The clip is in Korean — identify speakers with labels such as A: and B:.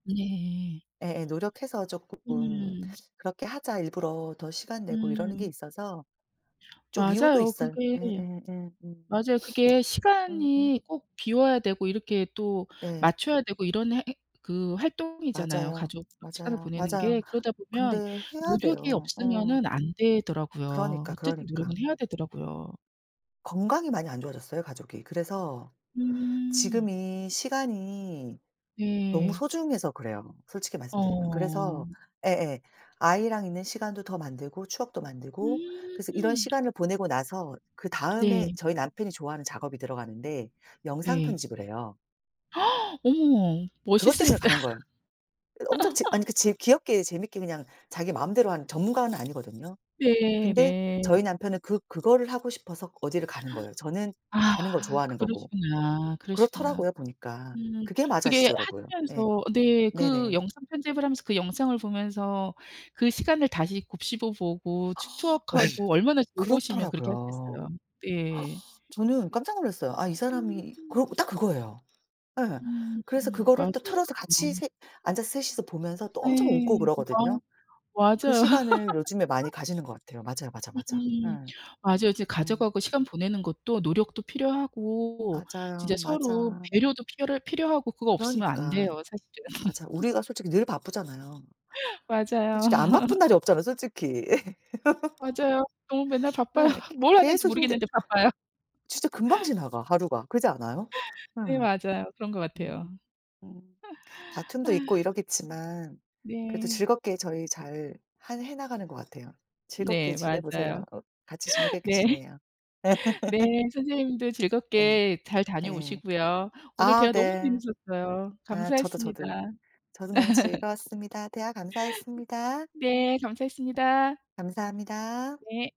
A: 네.
B: 예예. 노력해서 쪼끔
A: 음.
B: 그렇게 하자. 일부러 더 시간 내고 이러는 게
A: 음.
B: 있어서 좀 이유도
A: 맞아요
B: 있어요.
A: 그게.
B: 예예예. 음
A: 맞아요 그게
B: 음음.
A: 시간이 꼭 비워야 되고 이렇게 또
B: 네.
A: 맞춰야 되고 이런 해 행 그 활동이잖아요
B: 맞아요.
A: 가족 시간을
B: 맞아요.
A: 보내는
B: 맞아요.
A: 게. 그러다 보면
B: 근데 해야
A: 노력이
B: 돼요. 어.
A: 없으면은 안 되더라고요.
B: 그러니까,
A: 어쨌든
B: 그러니까.
A: 노력은 해야 되더라고요.
B: 건강이 많이 안 좋아졌어요 가족이. 그래서
A: 음.
B: 지금이 시간이 너무
A: 네.
B: 소중해서 그래요 솔직히 말씀드리면. 그래서
A: 어.
B: 예예 아이랑 있는 시간도 더 만들고 추억도 만들고 그래서 이런
A: 음.
B: 시간을 보내고 나서 그다음에
A: 네.
B: 저희 남편이 좋아하는 작업이 들어가는데 영상
A: 네.
B: 편집을 해요.
A: 어머
B: 그것 때문에
A: 멋있으시다.
B: 가는 거예요. 예. 엄청 재 아니 그 재 귀엽게 재밌게 그냥 자기 마음대로 하는 전문가는 아니거든요.
A: 네
B: 근데
A: 네.
B: 저희 남편은 그 그거를 하고 싶어서 어디를 가는 거예요 저는
A: 아
B: 가는 걸 좋아하는 거고.
A: 그러시구나. 그러시구나.
B: 그렇더라고요 보니까.
A: 음
B: 그게
A: 그게
B: 맞아지더라고요. 예.
A: 하시면서 네 그
B: 네네.
A: 영상 편집을 하면서 그 영상을 보면서 그 시간을 다시 곱씹어 보고 추
B: 예.
A: 추억하고 얼마나 즐거우시면 그렇게
B: 그렇더라고요.
A: 하셨겠어요. 네.
B: 저는 깜짝 놀랐어요. 아 이
A: 음.
B: 사람이 그래
A: [unintelligible]
B: 갖고 딱 그거예요. 예.
A: 음
B: 그래서 그거를
A: 맞아요.
B: 또 틀어서 같이 셋 앉아서 셋이서 보면서 또 엄청 웃고
A: 예. 어
B: 그러거든요. 그
A: 맞아요.
B: 시간을 요즘에 많이 가지는 것 같아요. 맞아요, 맞아, 맞아.
A: 음
B: 예.
A: 맞아요. 이제
B: 음.
A: 가족하고 시간 보내는 것도 노력도 필요하고 진짜
B: 맞아요.
A: 서로
B: 맞아.
A: 배려도 피럴 필요하고 그거 없으면 안
B: 그러니까.
A: 돼요 사실은.
B: 맞아요. 우리가 솔직히 늘 바쁘잖아요.
A: 맞아요.
B: 솔직히 안 바쁜 날이 없잖아 솔직히.
A: 맞아요. 너무 맨날 바빠요.
B: 네.
A: 뭘
B: 계
A: 하는지
B: 계속 힘들
A: 모르겠는데 바빠요.
B: 진짜 금방 지나가 하루가 그렇지 않아요? 예.
A: 네. 맞아요. 그런 것 같아요.
B: 음 음.
A: 아.
B: 다툼도 있고 이러겠지만 그래도
A: 네.
B: 즐겁게 저희 잘 할 해 나가는 것 같아요. 즐겁게
A: 네.
B: 지내 보세요.
A: 맞아요.
B: 어 같이 지니게끼
A: 네.
B: 지내요.
A: 네. 선생님도
B: 예
A: 즐겁게 잘
B: 예.
A: 다녀오시고요. 오늘
B: 아
A: 대화 너무
B: 네.
A: 재밌었어요.
B: 아 저도,
A: 감사했습니다.
B: 저도. 저도 너무 즐거웠습니다. 대화 감사했습니다.
A: 네. 감사했습니다.
B: 감사합니다.
A: 네.